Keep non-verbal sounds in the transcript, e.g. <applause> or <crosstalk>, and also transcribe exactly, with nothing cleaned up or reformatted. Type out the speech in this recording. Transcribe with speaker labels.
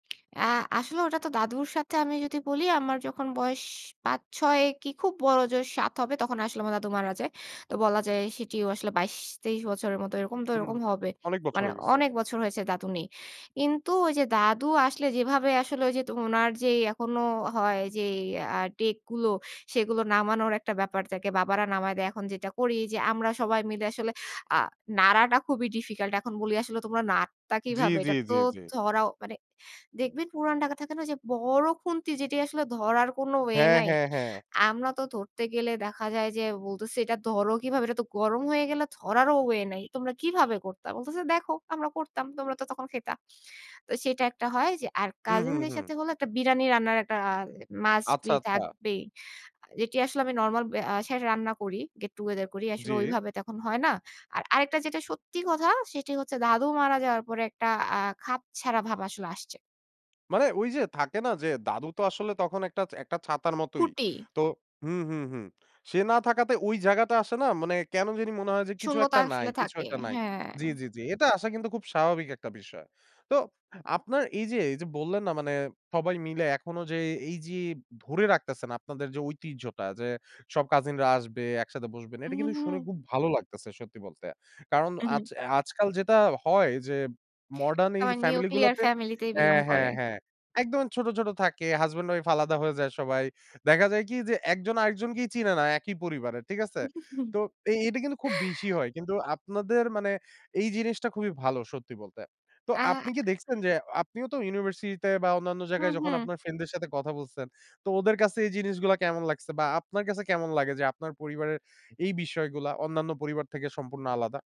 Speaker 1: আ আসলে ওটা তো দাদুর সাথে আমি যদি বলি, আমার যখন বয়স পাচ-ছয় কি খুব বড় জোর সাত হবে তখন আসলে আমার দাদু মারা যায়। তো বলা যায় সেটিও আসলে বাইশ-তেইশ বছরের মতো এরকম তো
Speaker 2: হুম,
Speaker 1: এরকম হবে।
Speaker 2: অনেক বছর
Speaker 1: মানে
Speaker 2: হয়ে গেছে।
Speaker 1: অনেক বছর হয়েছে দাদু নেই। কিন্তু ওই যে দাদু আসলে যেভাবে আসলে ওই যে ত উনার যে এখনো হয় যে অ্যা ডেক গুলো, সেগুলো নামানোর একটা ব্যাপার থাকে। বাবারা নামায় দেয়, এখন যেটা করি যে, আমরা সবাই মিলে আসলে আ নাড়াটা খুবই ডিফিকাল্ট। এখন বলি আসলে, "তোমরা নাড়তা
Speaker 2: জ্বী,
Speaker 1: কিভাবে?" এটা
Speaker 2: জ্বী,
Speaker 1: তো
Speaker 2: জ্বী, জ্বী।
Speaker 1: ধরাও মানে দেখবেন পুরান ঢাকা থাকে না ঐ যে বড় খুন্তি যেটি আসলে ধরার কোন ওয়ে
Speaker 2: হ্যাঁ,
Speaker 1: নাই।
Speaker 2: হ্যাঁ, হ্যাঁ।
Speaker 1: আমরা তো ধরতে গেলে দেখা যায় যে, বলতেছে "এটা ধরো কিভাবে? এটা তো গরম হয়ে গেলে ধরারও ওয়ে নাই। তোমরা কিভাবে করতা?" বলতেছে "দেখো আমরা করতাম, তোমরা তো তখন খাইতা।" তো সেটা একটা হয় যে আর
Speaker 2: হুম,
Speaker 1: কাজিন
Speaker 2: হুম,
Speaker 1: দের
Speaker 2: হুম।
Speaker 1: সাথে হলো একটা বিরানি রান্নার একটা অ্যা মাস্ট
Speaker 2: আচ্ছা,
Speaker 1: বি
Speaker 2: আচ্ছা।
Speaker 1: থাকবেই। যেটি আসলে আমি নরমাল অ্যা সায় রান্না করি। গেট টুগেদার করি। আসলে
Speaker 2: জ্বী।
Speaker 1: ওইভাবে তো এখন হয় না। আর আরেকটা যেটা সত্যি কথা, সেটি হচ্ছে দাদু মারা যাওয়ার পরে একটা আ খাপছাড়া ভাব আসলে আসছে।
Speaker 2: মানে ওই যে থাকে না যে, দাদু তো আসলে তখন একটা একটা ছাতার মতোই।
Speaker 1: খুঁটি।
Speaker 2: তো হুম, হুম, হুম। সে না থাকাতে ওই জায়গাটা আসে না মানে কেন জানি মনে হয় যে কিছু
Speaker 1: শূন্যতা
Speaker 2: একটা নাই,
Speaker 1: আসলে
Speaker 2: কিছু
Speaker 1: থাকে।
Speaker 2: একটা নাই,
Speaker 1: হ্যাঁ।
Speaker 2: জ্বী, জ্বী, জ্বী। এটা আসা কিন্তু খুব স্বাভাবিক একটা বিষয়। তো, আপনার এই যে, এই যে বললেন না মানে সবাই মিলে এখনো যে, এই যে ধরে রাখতেছেন আপনাদের যে ঐতিহ্যটা, যে সব কাজিনরা আসবে, একসাথে বসবেন, এটা
Speaker 1: উহু,
Speaker 2: কিন্তু শুনে
Speaker 1: হু।
Speaker 2: খুব ভালো লাগতেছে সত্যি বলতে। কারণ
Speaker 1: হুম, হু।
Speaker 2: আজ আজকাল যেটা হয় যে, মডার্ন এই
Speaker 1: আবার
Speaker 2: ফ্যামিলি
Speaker 1: নিউক্লিয়ার
Speaker 2: গুলাতে
Speaker 1: ফ্যামিলিতেই বিলং
Speaker 2: হ্যাঁ,
Speaker 1: করে।
Speaker 2: হ্যাঁ, হ্যাঁ। একদম ছোট, ছোট থাকে। হাসব্যান্ড ওয়াইফ আলাদা হয়ে যায় সবাই। দেখা যায় কি যে, একজন আরেকজনকেই চিনে না একই পরিবারে, ঠিক আছে?
Speaker 1: <chuckles>
Speaker 2: তো এই এটা কিন্তু খুব বেশি হয়। কিন্তু আপনাদের মানে এই জিনিসটা খুবই ভালো সত্যি বলতে। তো
Speaker 1: আ
Speaker 2: আপনি কি দেখছেন যে, আপনিও তো ইউনিভার্সিটি তে বা অন্যান্য
Speaker 1: হুম,
Speaker 2: জায়গায় যখন
Speaker 1: হুম।
Speaker 2: আপনার ফ্রেন্ডদের সাথে কথা বলছেন। তো ওদের কাছে এই জিনিসগুলা কেমন লাগছে? বা আপনার কাছে কেমন লাগে, যে আপনার পরিবারের এই বিষয়গুলা অন্যান্য পরিবার থেকে সম্পূর্ণ আলাদা?